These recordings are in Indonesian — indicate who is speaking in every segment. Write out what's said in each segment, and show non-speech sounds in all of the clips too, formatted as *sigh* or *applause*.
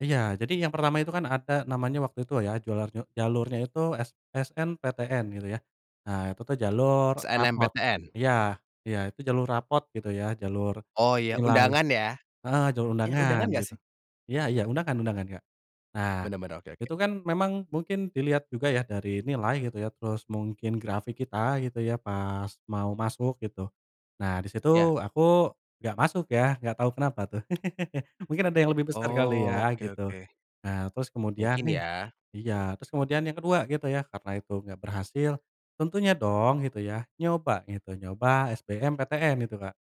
Speaker 1: Iya, jadi yang pertama itu kan ada namanya waktu itu ya, jualan jalurnya itu s SMPTN gitu ya. Nah, itu tuh jalur raport.
Speaker 2: SNMPTN.
Speaker 1: Iya iya itu jalur raport gitu ya jalur
Speaker 2: Oh iya
Speaker 1: nilai
Speaker 2: undangan ya?
Speaker 1: heeh jalur
Speaker 2: Eh undangan
Speaker 1: undangan
Speaker 2: enggak
Speaker 1: gitu.
Speaker 2: sih?
Speaker 1: Iya iya undangan undangan, Kak. Nah,
Speaker 2: Bener bener, oke oke.
Speaker 1: itu kan memang mungkin dilihat juga ya dari nilai gitu ya, terus mungkin grafik kita gitu ya pas mau masuk gitu. Nah, di situ
Speaker 2: Ya.
Speaker 1: aku enggak masuk ya, enggak tahu kenapa tuh. *laughs* Mungkin ada yang lebih besar kali ya
Speaker 2: Oke
Speaker 1: gitu.
Speaker 2: oke.
Speaker 1: Nah, terus kemudian,
Speaker 2: Mungkin
Speaker 1: nih
Speaker 2: ya.
Speaker 1: iya. Terus kemudian yang kedua gitu ya karena itu enggak berhasil. Tentunya dong gitu ya, nyoba gitu, nyoba SBMPTN gitu, Kak.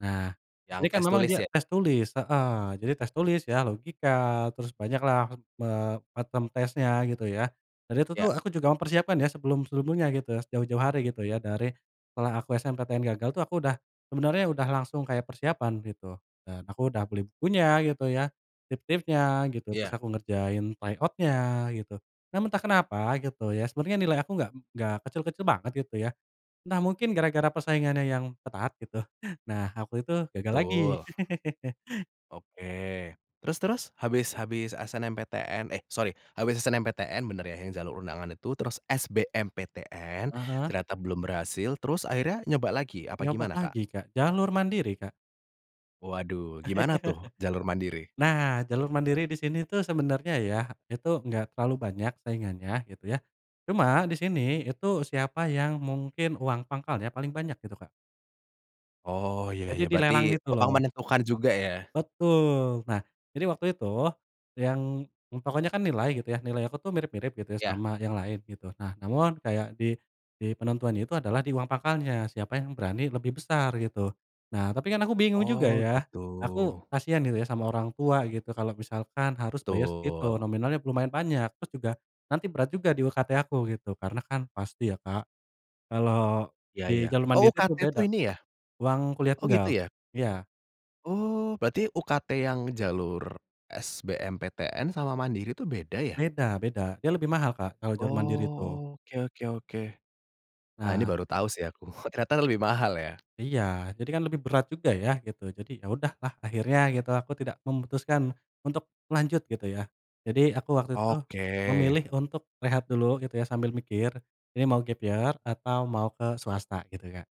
Speaker 1: Nah,
Speaker 2: Yang
Speaker 1: ini kan
Speaker 2: tes
Speaker 1: memang
Speaker 2: tulis
Speaker 1: dia
Speaker 2: ya?
Speaker 1: tes tulis heeh jadi tes tulis ya, logika, terus banyak lah, eee, bottom tesnya gitu ya. Dan itu
Speaker 2: Ya.
Speaker 1: tuh aku juga mempersiapkan ya sebelum sebelumnya gitu, jauh-jauh hari gitu ya, dari setelah aku SMPTN gagal tuh aku udah, sebenarnya udah langsung kayak persiapan gitu dan aku udah beli bukunya gitu ya, tips-tipsnya gitu, terus
Speaker 2: Ya.
Speaker 1: aku ngerjain try out-nya gitu. Namun entah kenapa gitu ya, sebenernya nilai aku enggak enggak kecil-kecil banget gitu ya. Entah mungkin gara-gara persaingannya yang ketat gitu. *chuckles* Nah, aku itu gagal lagi.
Speaker 2: Betul.
Speaker 1: *laughs*
Speaker 2: Oke terus terus, habis habis SNMPTN, eh sorry habis SNMPTN, bener ya yang jalur undangan itu, terus SMBPTN,
Speaker 1: Heeh.
Speaker 2: ternyata belum berhasil, terus akhirnya nyoba lagi apa
Speaker 1: Nyoba
Speaker 2: gimana, Kak?
Speaker 1: lagi, Kak. Jalur mandiri, Kak.
Speaker 2: Waduh gimana tuh jalur
Speaker 1: *laughs*
Speaker 2: mandiri?
Speaker 1: Nah, jalur mandiri di sini tuh sebenarnya ya, itu enggak terlalu banyak saingannya gitu ya. Cuma di sini, itu siapa yang mungkin uang pangkal ya paling banyak gitu, Kak.
Speaker 2: Oh ya
Speaker 1: Jadi
Speaker 2: ya berarti,
Speaker 1: dilelang gitu
Speaker 2: uang
Speaker 1: loh.
Speaker 2: menentukan juga ya?
Speaker 1: Betul. Nah, jadi waktu itu, yang, eee, pokoknya kan nilai gitu ya, nilai aku tuh mirip-mirip gitu ya
Speaker 2: Ya
Speaker 1: sama yang lain gitu. Nah, namun kayak di di penentuan itu adalah di uang pakalnya, siapa yang berani lebih besar gitu. Nah, tapi kan aku bingung juga
Speaker 2: Oh
Speaker 1: ya,
Speaker 2: gitu.
Speaker 1: aku kasihan gitu ya sama orang tua gitu kalau misalkan harus bayar segitu
Speaker 2: Betul.
Speaker 1: nominalnya lumayan banyak. Terus juga nanti berat juga di UKT aku gitu, karena kan pasti ya, Kak. Kalau
Speaker 2: Ya
Speaker 1: di
Speaker 2: ya,
Speaker 1: jalur
Speaker 2: oh,
Speaker 1: mandiri itu
Speaker 2: UKT
Speaker 1: beda.
Speaker 2: tuh ini ya?
Speaker 1: Uang kuliah
Speaker 2: Oh, gitu
Speaker 1: tunggal
Speaker 2: ya?
Speaker 1: iya.
Speaker 2: Oh berarti UKT yang jalur SBMPTN sama mandiri tuh beda ya?
Speaker 1: Beda beda, dia lebih mahal, Kak, kalau jalur mandiri itu.
Speaker 2: Oke oke oke. Ah, ini
Speaker 1: Nah
Speaker 2: baru tau sih aku, *chuckles* oh, ternyata lebih mahal ya.
Speaker 1: Iya, jadi kan lebih berat juga ya gitu. Jadi ya udahlah akhirnya gitu aku tidak, memutuskan untuk lanjut gitu ya. Jadi aku waktu itu
Speaker 2: Oke.
Speaker 1: memilih untuk rehat dulu gitu ya sambil mikir ini mau gap-year atau mau ke swasta gitu, Kak.